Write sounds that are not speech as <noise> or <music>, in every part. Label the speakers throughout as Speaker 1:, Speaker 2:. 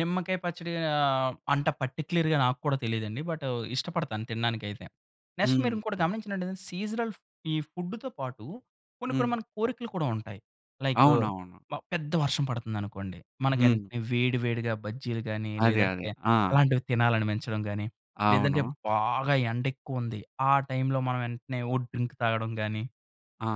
Speaker 1: నిమ్మకాయ పచ్చడి ఆహ్, అంత పార్టిక్యులర్‌గా నాక్కూడా తెలీదండి. బటు ఇష్టపడతాను తిండానికైతే. నెక్స్ట్ మీరు ఇంకోటి
Speaker 2: ఉహూ.
Speaker 1: గమనించినట్టయితె, సీజనల్ ఈ ఫుడ్‌తో పాటు కొన్ని, కొన్ని
Speaker 2: హ్మ్.
Speaker 1: మనకు కోరికలు కూడా ఉంటాయి. లైకు
Speaker 2: అవునవును.
Speaker 1: మ పెద్ద వర్షం పడుతుందనుకోండి,
Speaker 2: హ్మ్.
Speaker 1: మనకేంటనే వేడి, వేడిగా బజ్జీలు గాని,
Speaker 2: అదే, అదే.
Speaker 1: లేదంటే
Speaker 2: ఆ!
Speaker 1: అలాంటివి తినాలనిపించటం గాని, లేదంటే
Speaker 2: అవును.
Speaker 1: బాగా ఎండ ఎక్కువ ఉంది, ఆ టైం‌లో మనం వెంటనే ఓహ్! డ్రింక్ తాగడం గాని
Speaker 2: ఆ!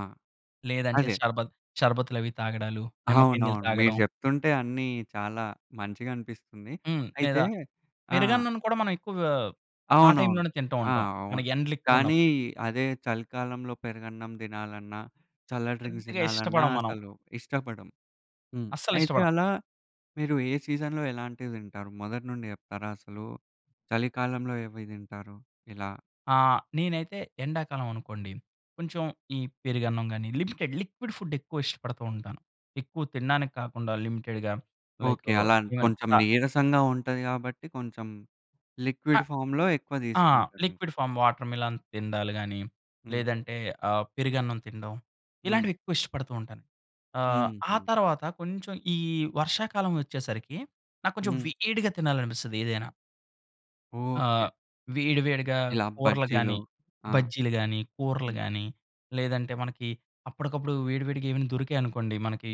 Speaker 1: లేదంటే
Speaker 2: అదే.
Speaker 1: షర్బత్ షర్బతులు అవి తాగడాలు, నిమ్మకాయ నీళ్ళు
Speaker 2: అవునవును. మీరు
Speaker 1: తాగడం.
Speaker 2: చెప్తుంటే అన్నీ చాలా మంచిగనిపిస్తుంది.
Speaker 1: హ్మ్.
Speaker 2: అయితే
Speaker 1: లేదా
Speaker 2: ఆ!
Speaker 1: పెరుగన్నాని కూడా మనం ఎక్కువగా, ఆ
Speaker 2: అవునవును.
Speaker 1: టైంలోనే తింటూ
Speaker 2: ఆ!
Speaker 1: ఉంటాం.
Speaker 2: అవును.
Speaker 1: మనకు ఎండలు ఎక్కువ
Speaker 2: కానీ,
Speaker 1: ఉన్నప్పు
Speaker 2: అదే చలికాలంలో పెరుగన్నం తినాలన్నా, చల్ల డ్రింక్స్
Speaker 1: పెద్దగా
Speaker 2: తినాలన్నా
Speaker 1: ఇష్టపడం మనం.
Speaker 2: అసలు ఇష్టపడం. హ్మ్.
Speaker 1: అస్సలు
Speaker 2: అయితే
Speaker 1: ఇష్టపడం.
Speaker 2: అలా మీరు ఏ సీజన్‌లో ఎలాంటివి తింటారు? మొదటి నుండి చెప్తారా? అసలు చలికాలంలో ఏవేవి తింటారు? ఇలా?
Speaker 1: ఆ! నేనైతే ఎండాకాలం అనుకోండి, కొంచెం ఈ పెరుగన్నం గాని లిమిటెడ్ లిక్విడ్ ఫుడ్ ఎక్కువ ఇష్టపడుతూ ఉంటాను. ఎక్కువ తిండానికి కాకుండా, లిమిటెడ్‌గా
Speaker 2: ఓకే.
Speaker 1: లైకు
Speaker 2: అలానే
Speaker 1: ఈవెన్
Speaker 2: కొంచెం
Speaker 1: తా
Speaker 2: నీరసంగా ఉంటది కాబట్టి, కొంచెం
Speaker 1: అ
Speaker 2: లిక్విడ్ ఫార్మ్‌లో ఎక్కువ
Speaker 1: ఆ!
Speaker 2: తీసుకుంటారు ఇంకా.
Speaker 1: లిక్విడ్ ఫార్మ్ వాటర్‌మెలన్ తిండాలు గాని,
Speaker 2: హ్మ్.
Speaker 1: లేదంటే ఆ పెరుగన్నం తిండం.
Speaker 2: హ్మ్.
Speaker 1: ఇలాంటివి ఎక్కువ ఇష్టపడుతూ ఉంటాను. ఆహ్, ఆ
Speaker 2: హుహు.
Speaker 1: తరువాత కొంచెం ఈ వర్షాకాలం వచ్చేసరికి, నా కొంచెం
Speaker 2: హ్మ్.
Speaker 1: వేడిగా తినాలనిపిస్తది ఏదైనా. ఆ
Speaker 2: ఓకే.
Speaker 1: వేడివేడిగా
Speaker 2: ఇలా
Speaker 1: కూరలు
Speaker 2: బజ్జీలు.
Speaker 1: గాని,
Speaker 2: ఆ!
Speaker 1: బజ్జీలు గాని, కూరలు
Speaker 2: హ్మ్.
Speaker 1: గాని లేదంటే మనకి అప్పడికప్పుడు వేడి, వేడిగా ఏవైనా దొరికాయి అనుకోండి. మనకి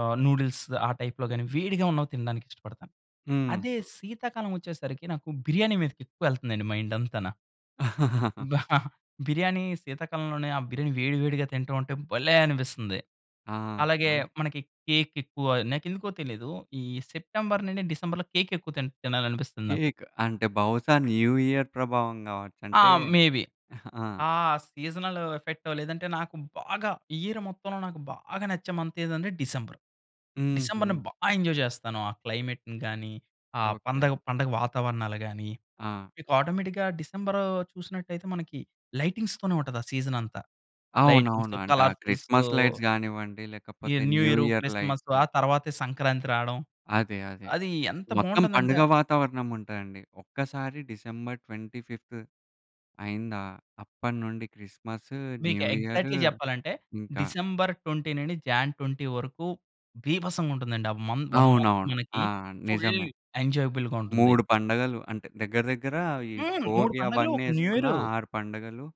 Speaker 1: ఆహ్, నూడిల్స్ ఆ టైప్‌లో‌గాని, వేడిగా ఉన్నవి తిండానికి ఇష్టపడతాను. అదే
Speaker 2: ఉహూ.
Speaker 1: శీతాకాలం వచ్చేసరికి, నాకు బిర్యానీ మీదకి ఎక్కువ యెళ్తుందండి మైండ్ అంతనా.
Speaker 2: <laughs>
Speaker 1: <chuckles> బిర్యానీ శీతాకాలంలోనే ఆ బిర్యానీ వేడి, వేడిగా తింటా ఉంటే భలే అనిపిస్తుంది. అలాగే
Speaker 2: ఆహా!
Speaker 1: మనకి కేక్ ఎక్కువ నాకెందుకో తెలీదు ఈ సెప్టెంబర్ నుండి డిసెంబర్‌లో కేక్ ఎక్కువ తిన్ తినాలనిపిస్తుంది నాకు.
Speaker 2: కేక్. అంటే, బహుశా న్యూ ఇయర్ ప్రభావం కావచ్చు
Speaker 1: ఆ!
Speaker 2: అంటే
Speaker 1: మేబీ.
Speaker 2: <chuckles> ఆ!
Speaker 1: ఆ సీజనల్ ఎఫెక్టో లేదంటే, నాకు బాగా ఇయర్ మొత్తంలో నాకు బాగా నచ్చే మంత్ ఏందంటే డిసెంబర్. డిసెంబర్‌ని
Speaker 2: హుహు.
Speaker 1: బా ఎంజాయ్ చేస్తాను. ఆ క్లైమెట్‌ని గానీ, ఆ
Speaker 2: ఓకే.
Speaker 1: పందగ పండగ వాతావరణాలు గానీ,
Speaker 2: ఆ!
Speaker 1: మీకు ఆటోమేటిక్‌గా డిసెంబరు చూసినట్టయితే, మనకి లైటింగ్స్‌తోనే ఉంటది ఆ సీజన్ అంతా.
Speaker 2: అవునవును.
Speaker 1: లైటింగ్స్‌‌తో,
Speaker 2: అంటే ఆ
Speaker 1: కలర్ఫుల్స్‌తో
Speaker 2: క్రిస్మస్ లైట్స్ కానివ్వండి,
Speaker 1: ఈ
Speaker 2: లేకపోతే
Speaker 1: new year,
Speaker 2: new year
Speaker 1: Christmas
Speaker 2: light
Speaker 1: ఆ తరువాతే సంక్రాంతి రాడం.
Speaker 2: అదే, అదే.
Speaker 1: అది ఎంత
Speaker 2: మొత్తం
Speaker 1: బావుంటుందంటే
Speaker 2: పండుగ వాతావరణం ఉంటాయండి. ఒక్కసారి డిసెంబర్ 25థ్ అయిందా, అప్పడనుండి క్రిస్మసు,
Speaker 1: మీకు
Speaker 2: న్యూ ఇయరు
Speaker 1: ఎగ్జాక్ట్‌లీ చెప్పాలంటే,
Speaker 2: ఇంకా
Speaker 1: డిసెంబర్ 20 నుండి జాన్ 20 వరకు బీభసంగా ఉంటుందండి. ఆ మం 1 మంత్
Speaker 2: అవునవును. ఆ!
Speaker 1: మనకి, ఫుల్
Speaker 2: నిజమే.
Speaker 1: ఎంజాయబుల్‌గా ఉంటుంది.
Speaker 2: 3 పండగలు అంటే, దగ్గర దగ్గర ఈ
Speaker 1: హ్మ్. 3
Speaker 2: భోగి
Speaker 1: పండగలు,
Speaker 2: అవన్నీ
Speaker 1: ఒక
Speaker 2: యెసుకున్న
Speaker 1: న్యూయరు.
Speaker 2: 6 పండగలు.